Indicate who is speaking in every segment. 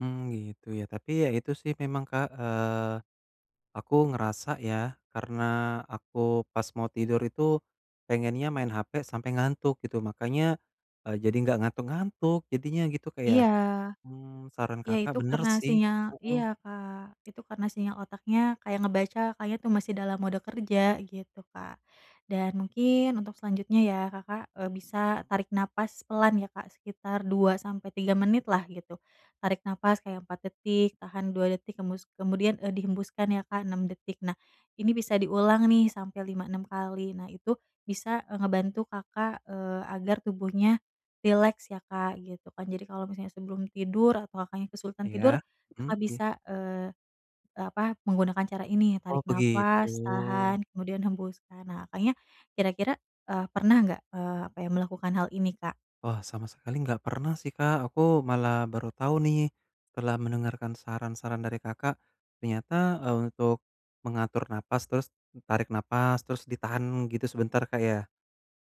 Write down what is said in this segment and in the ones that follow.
Speaker 1: Mmm, gitu ya, tapi ya itu sih memang Kak, eee, aku ngerasa ya, karena aku pas mau tidur itu pengennya main HP sampai ngantuk gitu, makanya e jadi enggak ngantuk-ngantuk. Jadinya gitu Kak ya,
Speaker 2: Iya.
Speaker 1: mmm saran
Speaker 2: Iya
Speaker 1: Kakak
Speaker 2: itu
Speaker 1: benar
Speaker 2: karena
Speaker 1: sih,
Speaker 2: sinyal
Speaker 1: heeh.
Speaker 2: iya Kak, itu karena sinyal otaknya kayak ngebaca kayaknya tuh masih dalam mode kerja, gitu Kak. Dan mungkin untuk selanjutnya ya, Kakak e bisa tarik nafas pelan ya Kak, sekitar 2-3 menit lah gitu. Tarik nafas kayak 4 detik, tahan 2 detik, hembus kemudian, e dihembuskan ya Kak 6 detik, nah ini bisa diulang nih sampai 5-6 kali, nah itu bisa, e ngebantu Kakak, eee, agar tubuhnya rileks ya Kak, gitu kan. Jadi kalau misalnya sebelum tidur atau Kakaknya kesulitan tidur,
Speaker 1: Iya mhm,
Speaker 2: Kakak
Speaker 1: iya.
Speaker 2: bisa, eee, e apa, menggunakan cara ini
Speaker 1: Oh,
Speaker 2: tarik nafas,
Speaker 1: begitu.
Speaker 2: tahan, kemudian hembuskan. Nah Kakaknya, kira-kira, eee, pernah enggak, eee, apa ya, melakukan hal ini Kak?
Speaker 1: Wah sama sekali nggak pernah sih Kak, aku malah baru tahu nih, setelah mendengarkan saran-saran dari Kakak, ternyata, eee, untuk mengatur napas, terus tarik napas, terus ditahan gitu sebentar Kak ya?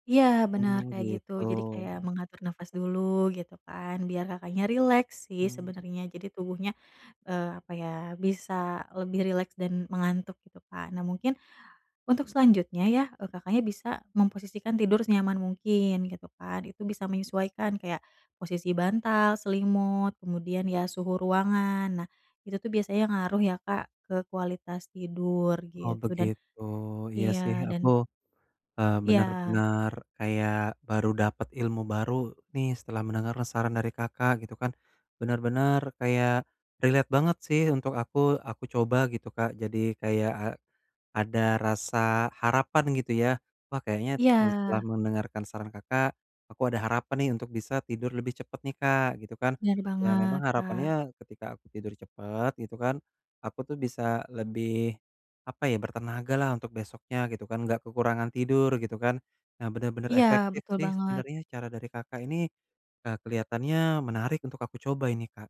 Speaker 2: Iya benar
Speaker 1: Mmm
Speaker 2: kayak gitu,
Speaker 1: gitu.
Speaker 2: jadi kayak mengatur nafas dulu gitu kan, biar Kakaknya rileks sih
Speaker 1: Mmm.
Speaker 2: sebenarnya jadi tubuhnya, eee, apa ya, bisa lebih rileks dan mengantuk, gitu kan. Nah mungkin, untuk selanjutnya ya, e Kakaknya bisa memposisikan tidur senyaman mungkin, gitu kan. Itu bisa menyesuaikan kayak, posisi bantal, selimut, kemudian ya suhu ruangan. Nah, itu tuh biasanya ngaruh ya Kak ke kualitas tidur
Speaker 1: Oh
Speaker 2: gitu dan
Speaker 1: begitu, iya sih
Speaker 2: iya
Speaker 1: aku,
Speaker 2: dan
Speaker 1: eee,
Speaker 2: Iya.
Speaker 1: benar-benar kayak baru dapet ilmu baru nih, setelah mendengar saran dari Kakak, gitu kan. Benar-benar kayak relate banget sih untuk aku aku coba gitu Kak, jadi kayak a ada rasa harapan gitu ya. Wah kayaknya, e setelah
Speaker 2: Iya.
Speaker 1: mendengarkan saran Kakak, aku ada harapan nih, untuk bisa tidur lebih cepet nih Kak, gitu kan.
Speaker 2: Benar
Speaker 1: Ya memang
Speaker 2: banget, Kak.
Speaker 1: harapannya, ketika aku tidur cepet gitu kan, aku tuh bisa lebih, apa ya, bertenaga lah untuk besoknya gitu kan enggak kekurangan tidur, gitu kan. Nah benar-benar
Speaker 2: Iya
Speaker 1: efektif
Speaker 2: betul
Speaker 1: sih
Speaker 2: banget.
Speaker 1: sebenarnya cara dari Kakak ini, eee, kelihatannya menarik untuk aku coba ini Kak.